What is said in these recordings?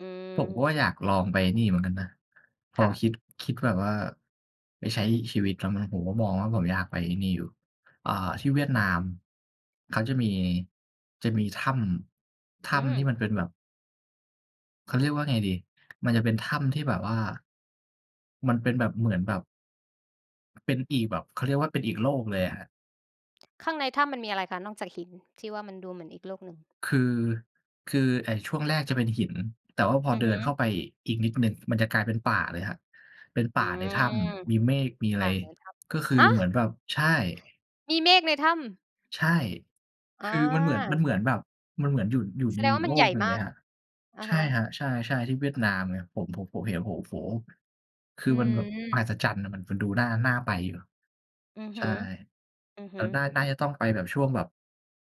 อืผมก็ว่าม อยากลองไปไอ้นี่เหมือนกันนะ พคอ่คะ ิด คิดแบบว่า ไปใช้ชีวิต [unintelligible] ผมก็มองว่าผมอยากไปไอ้นี่อยู่ อ่า ที่เวียดนาม เขาจะมี จะมีถ้ำ ถอื้ำทีม ่มันเป็นแบบ เขาเรียกว่าไงดี มันจะเป็นถ้ำที่แบบว่า มันเป็นแบบ เหมือนแบบ เป็นอีกแบบ เขาเรียกว่าเป็นอีกโลกเลยอะครับ ข้างในถ้ำมันมีอะไรคะ นอกจากหินที่ว่ามันดูเหมือนอีกโลกหนึ่ง? คือ คือไอ้ช่วงแรกจะเป็นหิน แต่ว่าพออือเดิฮนเข้าึ ไปอีกนิดหนึ่ง มันจะกลายเป็นป่าเลยครับ เป็นปอ่ืาในถ้ม ำ มีเมฆ มีอะปไร ่าในถ้ก็คือำ ฮะ! เหมือนแบบ ใช่ มีเมฆในถ้ำ ใช่ อคือมันเหมือน มา ันเหมือนแบบ มันเหมือนอยู่ อยู่แสในดงอวี่กามโัลนใหญก่หนึ่งมเลายก ครับ อะใชฮ่ะ ครับ ใช่ ๆ ที่เวียดนามไง ผม ผม ผมเห็น ผมก็ โอ้โฮ! คอืือมันแบบมหัม ศจรรย์น่ะ มัน มันดูน่า น่าไปอยู่ อือฮใช่ ึ อือฮแต่ึ น่า น่าจะต้องไปแบบช่วงแบบ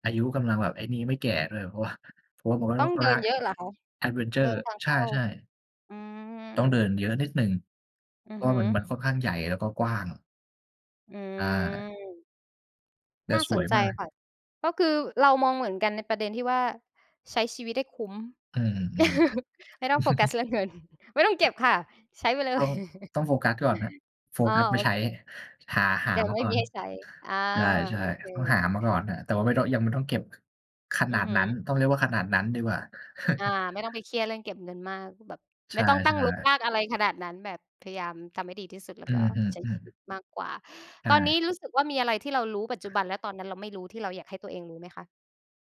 อายุกำลังแบบไอ้นี่ ไม่แก่ด้วย เพราะว่า ผมว่า ต้องเดินเยอะเหรอคะ? แอดเวนเชเดอิร์ นทางใเขช้า ่ ๆ อืม ต้องเดินเยอะนิดหนึ่ง อืเพอราะฮว่ึ ามัน มันค่อนข้างใหญ่แล้วก็กว้าง อือา ม แต่น่าสสวนยใจมาก ค่ะ ก็คือเรามองเหมือนกันในประเด็นที่ว่า ใช้ชีวิตได้คุ้ม อือ ไม่ต้องโฟกัสๆ ๆ เรื่องเงิน ไม่ต้องเก็บค่ะ ใช้ไปเลต้อย ง ต้องโฟกัสก่อนครับ โฟอ้อ กัสมโาอใชเค ้ หา หแาต่มไาม่ก่อมีน ให้ใช้ อา ใชโ่ อเๆ ต้องหาค มาก่อนน่ะ แต่ว่าไม่ต้อง ยังไม่ต้องเก็บ ขอืนาอดฮึ นั้น ต้องเรียกว่าขนาดนั้นดีกว่า อา ไม่ต้องไปเครียดเรื่องเก็บเงินมากแบบ ใไชม่่ ต้องตั้งรกรๆ าก อะไรขนาดนั้น แบบพยายามทำให้ดีที่สุดแล้อวืก็อ ใช้ๆ อือ ชีวิตมากกว่า ใชตอนน่ ี้รู้สึกว่า มีอะไรที่เรารู้ ปัจจุบันและตอนนั้นเราไม่รู้ ที่เราอยากให้ตัวเองรู้ไหมคะ?